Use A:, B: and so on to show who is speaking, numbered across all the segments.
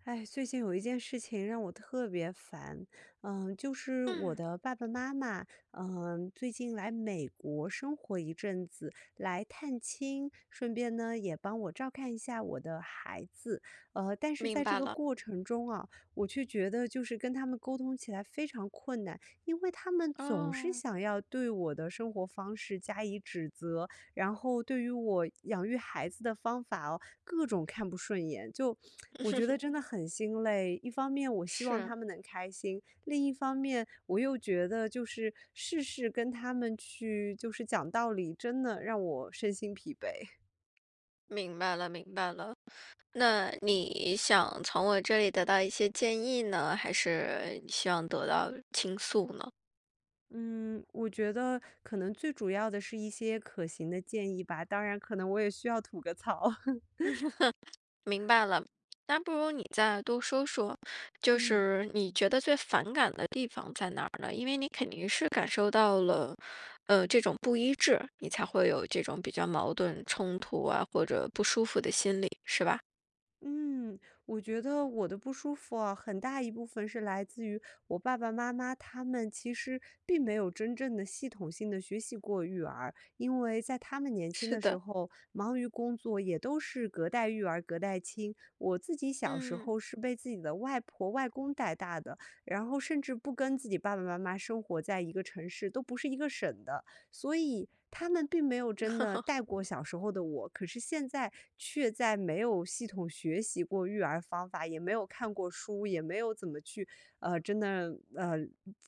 A: 哎，最近有一件事情让我特别烦。呃，就是我
B: 嗯。
A: 的爸爸妈妈，呃，最近来美国生活一阵子，来探亲，顺便呢，也帮我照看一下我的孩子。呃，但是在
B: 明
A: 这
B: 白
A: 个
B: 了。
A: 过程中啊，我却觉得就是跟他们沟通起来非常困难，因为他们总是
B: 哦。
A: 想要对我的生活方式加以指责，然后对于我养育孩子的方法哦，各种看不顺眼。就 我觉 得真的很心累，一方面我希望
B: 是。
A: 他们能开心，另一方面我又觉得，就是事事跟他们去就是讲道理，真的让我身心疲惫。
B: 明白了，明白了，那你想从我这里得到一些建议呢，还是希望得到倾诉呢？
A: 嗯，我觉得可能最主要的是一些可行的建议吧，当然可能我也需要吐个槽。
B: 明白了，那不如你再多说说，就
A: 嗯。
B: 是你觉得最反感的地方在哪儿呢？因为你肯定是感受到了，呃，这种不一致，你才会有这种比较矛盾、冲突啊，或者不舒服的心理，是吧？
A: 嗯，我觉得我的不舒服哦，很大一部分是来自于，我爸爸妈妈他们其实并没有真正地系统性地学习过育儿，因为在他们年轻
B: 是
A: 的
B: 的。
A: 时候忙于工作，也都是隔代育儿、隔代亲。我自己小时
B: 嗯。
A: 候，是被自己的外婆外公带大的，然后甚至不跟自己爸爸妈妈生活在一个城市，都不是一个省的，所以他们并没有真的 带过小时候的我。可是现在，却在没有系统学习过育儿方法、也没有看过书、也没有怎么去呃，真的呃，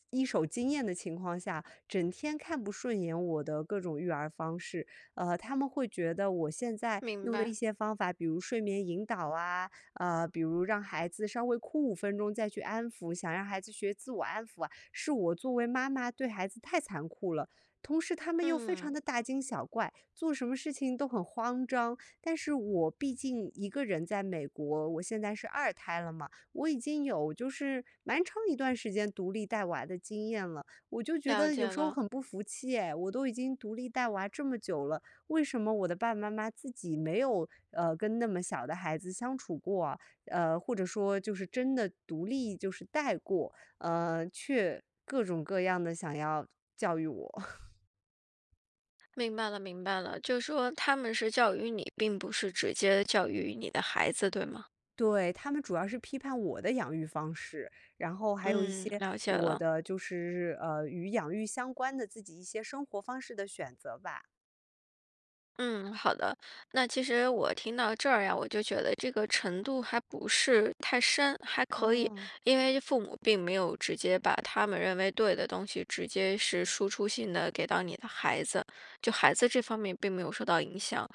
A: 一手经验的情况下，整天看不顺眼我的各种育儿方式。呃，他们会觉得我现在
B: 明
A: 用的一
B: 白。
A: 些方法，比如睡眠引导啊，呃，比如让孩子稍微哭5分钟再去安抚，想让孩子学自我安抚啊，是我作为妈妈对孩子太残酷了。同时他们又非常
B: 嗯。
A: 地大惊小怪，做什么事情都很慌张。但是我毕竟一个人在美国，我现在是2胎了嘛，我已经有就是蛮长一段时间独立带娃的经验了。我就觉
B: 了
A: 得有
B: 解
A: 时候
B: 了。
A: 很不服气哎，我都已经独立带娃这么久了，为什么我的爸爸妈妈自己没有，呃，跟那么小的孩子相处过，呃，或者说就是真的独立就是带过，呃，却各种各样地想要教育我。
B: 明白了，明白了。就说他们是教育你，并不是直接教育你的孩子，对吗？
A: 对，他们主要是批判我的养育方式，然后还有一
B: 嗯，
A: 些
B: 了解
A: 我
B: 了。
A: 的就是，呃，与养育相关的自己一些生活方式的选择吧。
B: 嗯，好的。那其实我听到这儿呀，我就觉得这个程度还不是太深，还可以。
A: 哦。
B: 因为父母并没有直接把他们认为对的东西，直接是输出性地给到你的孩子，就孩子这方面并没有受到影响。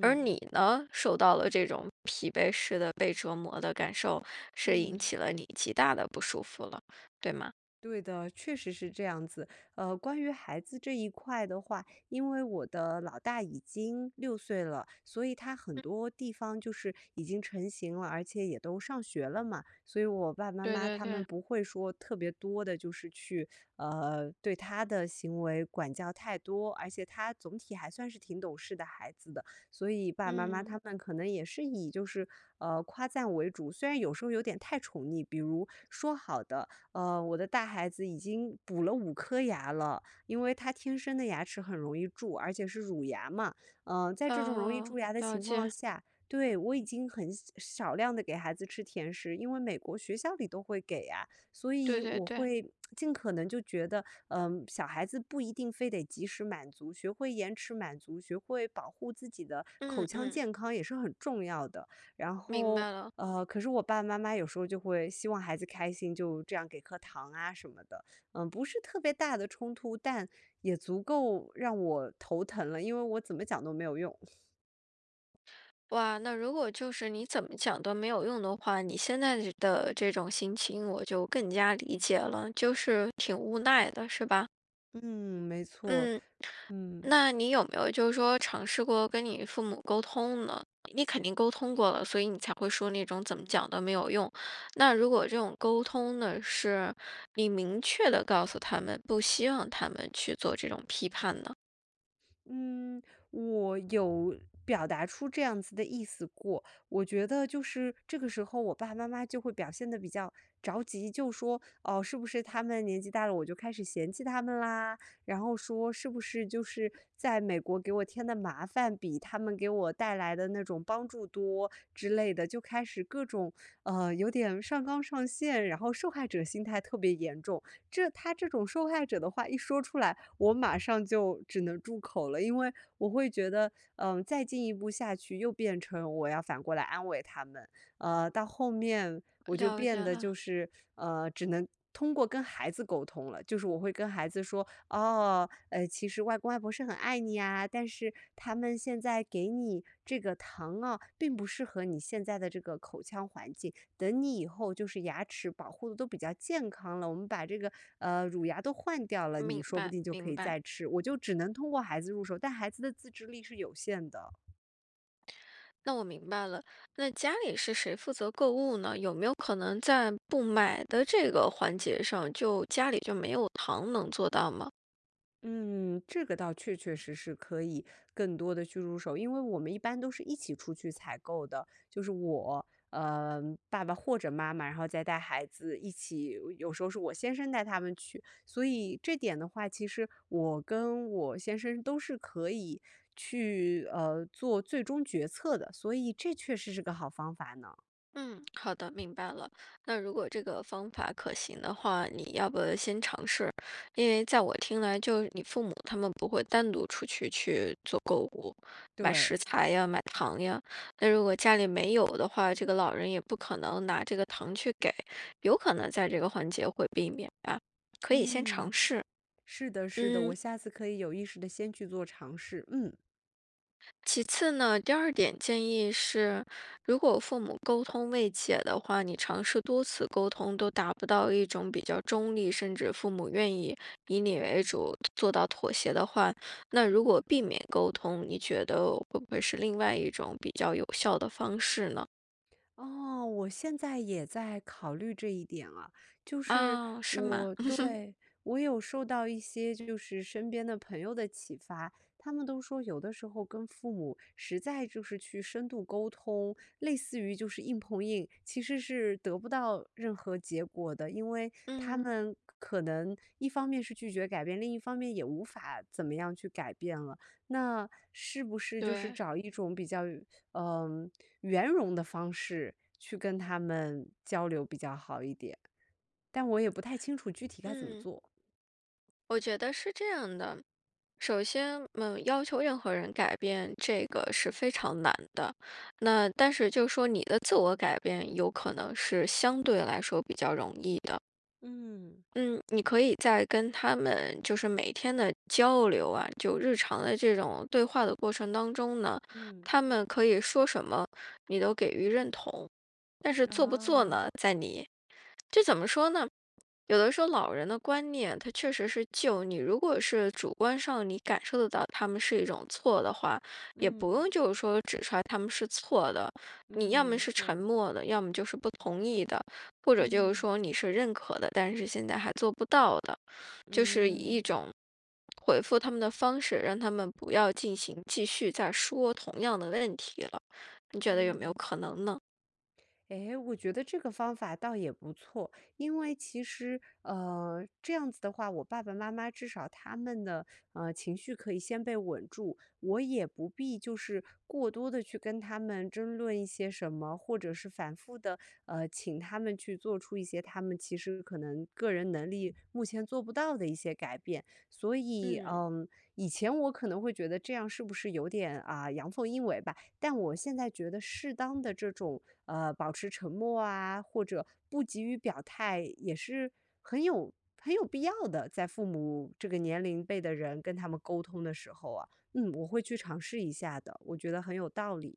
B: 而你呢，受到了这种疲惫式的被折磨的感受，是引
A: 嗯。
B: 起了你极大地不舒服了，对吗？
A: 对的，确实是这样子。呃，关于孩子这一块的话，因为我的老大已经6岁了，所以他很
B: 嗯。
A: 多地方就是已经成型了，而且也都上学了嘛。所以我爸爸妈
B: 对
A: 妈
B: 对
A: 他们
B: 对。
A: 不会说特别多地就是去，呃，对他的行为管教太多。而且他总体还算是挺懂事的孩子的，所以，爸爸妈妈
B: 嗯。
A: 他们可能也是以就是，呃，夸赞为主。虽然有时候有点太宠溺，比如，说好的呃，我的大孩子已经补了5颗牙了，因为他天生的牙齿很容易蛀，而且是乳牙嘛。呃，在这种容易
B: 哦，
A: 蛀牙的
B: 了
A: 情况
B: 解。
A: 下对，我已经很少少量地给孩子吃甜食，因为美国学校里都会给呀。所
B: 对
A: 以
B: 对
A: 我
B: 对。
A: 会 尽可能就觉得，嗯，小孩子不一定非得即时满足，学会延迟满足，学会保护自己的口
B: 嗯，
A: 腔
B: 嗯。
A: 健康，也是很重要的。然
B: 明
A: 后，
B: 白了。
A: 呃，可是我爸爸妈妈有时候就会希望孩子开心，就这样给颗糖啊什么的。嗯，不是特别大的冲突，但也足够让我头疼了，因为我怎么讲都没有用。
B: 哇，那如果就是你怎么讲都没有用的话，你现在的这的这种心情我就更加理解了，就是挺无奈的，是吧？
A: 嗯，没错，
B: 嗯。
A: 嗯。
B: 那你有没有就是说，尝试过跟你父母沟通呢？你肯定沟通过了，所以你才会说那种“怎么讲都没有用”，那如果这种沟通呢，是你明确地告诉他们，不希望他们去做这种批判呢？
A: 嗯，我有表达出这样子的意思过。我觉得就是这个时候我爸爸妈妈就会表现得比较着急，就说，哦，是不是他们年纪大了，我就开始嫌弃他们啦？然后说，是不是就是在美国给我添的麻烦，比他们给我带来的那种帮助多？之类的。就开始各种，呃，有点上纲上线，然后受害者心态特别严重。这他这种受害者的话一说出来，我马上就只能住口了，因为我会觉得，嗯，再进一步下去，又变成我要反过来安慰他们。呃，到后面我就
B: 了
A: 变
B: 解
A: 得就
B: 了。
A: 是，呃，只能通过跟孩子沟通了。就是我会跟孩子说：“哦，呃，其实外公外婆是很爱你啊，但是他们现在给你这个糖哦，并不适合你现在的这个口腔环境。等你以后，就是牙齿保护得都比较健康了，我们把这个，呃，乳牙都换掉了，你
B: 明
A: 说不
B: 白，
A: 定就可
B: 明
A: 以
B: 白。
A: 再吃。”我就只能通过孩子入手，但孩子的自制力是有限的。
B: 那我明白了，那家里是谁负责购物呢？有没有可能在不买的这个环节上，就家里就没有糖，能做到吗？
A: 嗯，这个倒确确实实可以更多地去入手，因为我们一般都是一起出去采购的。就是我，呃，爸爸或者妈妈，然后再带孩子一起，有时候是我先生带他们去。所以这点的话其实，我跟我先生都是可以去，呃，做最终决策的，所以这确实是个好方法呢。
B: 嗯，好的，明白了。那如果这个方法可行的话，你要不先尝试？因为在我听来，就你父母他们不会单独出去，去做购物、买食
A: 对。
B: 材呀、买糖呀。那如果家里没有的话，这个老人也不可能拿这个糖去给，有可能在这个环节会避免呀，可以先尝
A: 嗯，
B: 试，
A: 是的，是的。我
B: 嗯。
A: 下次可以有意识地先去做尝试，嗯。
B: 其次呢，第2点建议是，如果父母沟通未解的话，你尝试多次沟通都达不到一种比较中立，甚至父母愿意以你为主，做到妥协的话，那如果
A: 嗯。
B: 避免沟通，你觉得会不会是另外一种比较有效的方式呢？
A: 哦，我现在也在考虑这一点啊。就是
B: 哦，是吗？
A: 我 对，我有受到一些，就是身边的朋友的启发。他们都说有的时候跟父母，实在就是去深度沟通，类似于就是硬碰硬，其实是得不到任何结果的。因为他
B: 嗯。
A: 们可可能一方面是拒绝改变，另一方面也无法怎么样去改变了。那是不是就是
B: 对。
A: 找一种比较圆呃，圆融的方式去跟他们交流比较好一点？但我也不太清楚具体该怎么
B: 嗯。
A: 做。
B: 我觉得是这样的，首先，嗯，要求任何人改变，这个是非常难的。那但是就说你的自我改变，有可能是相对来说比较容易的。
A: 嗯。
B: 嗯，你可以在跟他们就是每天的交流啊，就日常的这种对话的过程当中呢，
A: 嗯。
B: 他们可以说什么，你都给予认同，但是做不做
A: 啊。
B: 呢在你。这怎么说呢？有的时候老人的观念，它确实是旧。你如果是主观上，你感受得到他们是一种错的话，也不
A: 嗯。
B: 用就是说指出来他们是错的。
A: 嗯，
B: 你要么
A: 没
B: 是沉
A: 错。
B: 默的，要么就是不同意的，或者就是
A: 嗯。
B: 说你是认可的，但是现在还做不到的。就是以一
A: 嗯。
B: 种回复他们的方式，让他们不要进行继续再说同样的问题了，你觉得有没有
A: 嗯。
B: 可能呢？
A: 哎，我觉得这个方法倒也不错。因为其实，呃，这样子的话，我爸爸妈妈至少他们的，呃，情绪可以先被稳住，我也不必就是过多地去跟他们争论一些什么，或者是反复地，呃，请他们去做出一些他们其实可能个人能力，目前做不到的一些改变。所以，
B: 嗯。
A: 嗯，以前我可能会觉得这样是不是有点，啊，阳奉阴违吧，但我现在觉得适当的这种，呃，保持沉默啊，或者不急于表态，也是很有很有必要的，在父母这个年龄辈的人，跟他们沟通的时候啊。嗯，我会去尝试一下的，我觉得很有道理。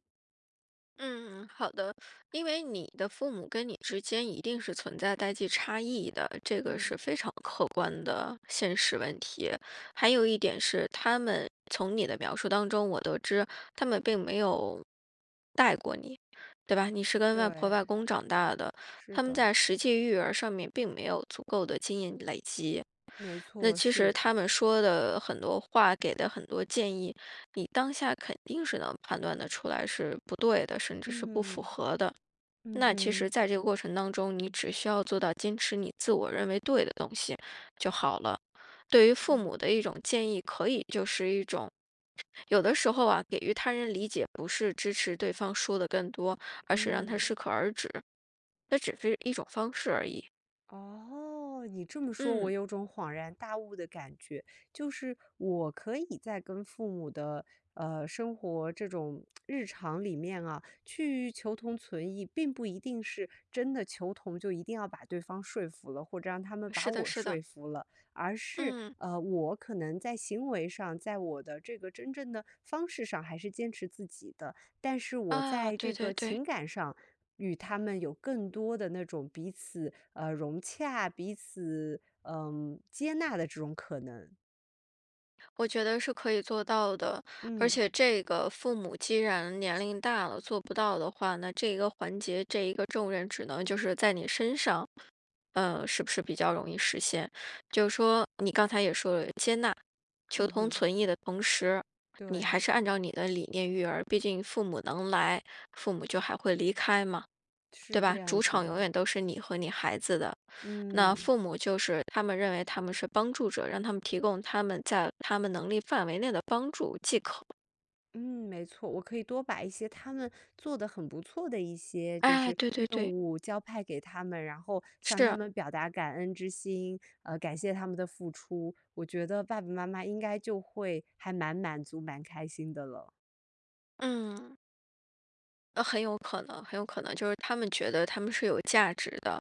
B: 嗯，好的。因为你的父母跟你之间一定是存在代际差异的，这个
A: 嗯。
B: 是非常客观的现实问题。还有一点是，他们从你的描述当中我得知，他们并没有带过你，对吧？你是跟外婆外
A: 对。
B: 公长大的，
A: 是
B: 他们
A: 的。
B: 在实际育儿上面，并没有足够的经验累积。
A: 没
B: 那
A: 错，
B: 其实
A: 是。
B: 他们说的很多话，给的很多建议，你当下肯定是能判断得出来，是不对的，甚至是不符
A: 嗯，
B: 合的。
A: 嗯
B: 那其实
A: 哼。
B: 在这个过程当中，你只需要做到坚持你自我认为对的东西就好了。对于父
A: 嗯。
B: 母的一种建议，可以就是一种有的时候啊，给予他人理解不是支持对方说的更多，而是让他
A: 嗯。
B: 适可而止，那只是一种方式而已。
A: 哦，你这么说
B: 嗯。
A: 我有种恍然大悟的感觉。就是我可以在跟父母的，呃，生活，这种 日常里面啊，去求同存异，并不一定是真的求同，就一定要把对方说服了，或者让他们把
B: 是的，
A: 我
B: 是的。
A: 说服了。而是，
B: 嗯。
A: 呃，我可能在行为上，在我的这个真正的方式上，还是坚持自己的。但是我
B: 啊，
A: 在
B: 对
A: 这
B: 对
A: 个
B: 对。
A: 情感上，与他们有更多的那种彼此，呃，融洽，彼此，呃，接纳的这种可能。
B: 我觉得是可以做到的。而
A: 嗯。
B: 且这个父母既然年龄大了，做不到的话，那这个环节，这一个重任只能就是在你身上，呃，是不是比较容易实现。就是说你刚才也说了接纳，求
A: 嗯
B: 同
A: 哼。
B: 存异的同时，你
A: 对。
B: 还是按照你的理念育儿，毕竟父母能来，父母就还会离开嘛，对
A: 是
B: 吧？
A: 这样
B: 主
A: 子
B: 场永
A: 的。
B: 远都是你和你孩子的，那
A: 嗯。
B: 父母就是他们认为他们是帮助者，让他们提供他们在他们能力范围内的帮助即可。
A: 嗯，没错，我可以多把一些他们做得很不错的一些就
B: 哎，
A: 是
B: 对对
A: 任
B: 对。
A: 务交派给他们，然后向他
B: 是。
A: 们表达感恩之心，呃，感谢他们的付出，我觉得爸爸妈妈应该就会还蛮满足、蛮开心的了。
B: 嗯。呃，很有可能很有可能，就是他们觉得他们是有价值的，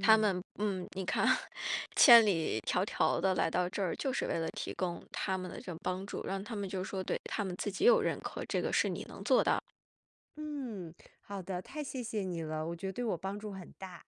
B: 他们嗯，你看，千里迢迢地来到这儿，就是为了提供他们的这个帮助，让他们就说对他们自己有认可，这个是你能做到。
A: 嗯，好的，太谢谢你了，我觉得对我帮助很大。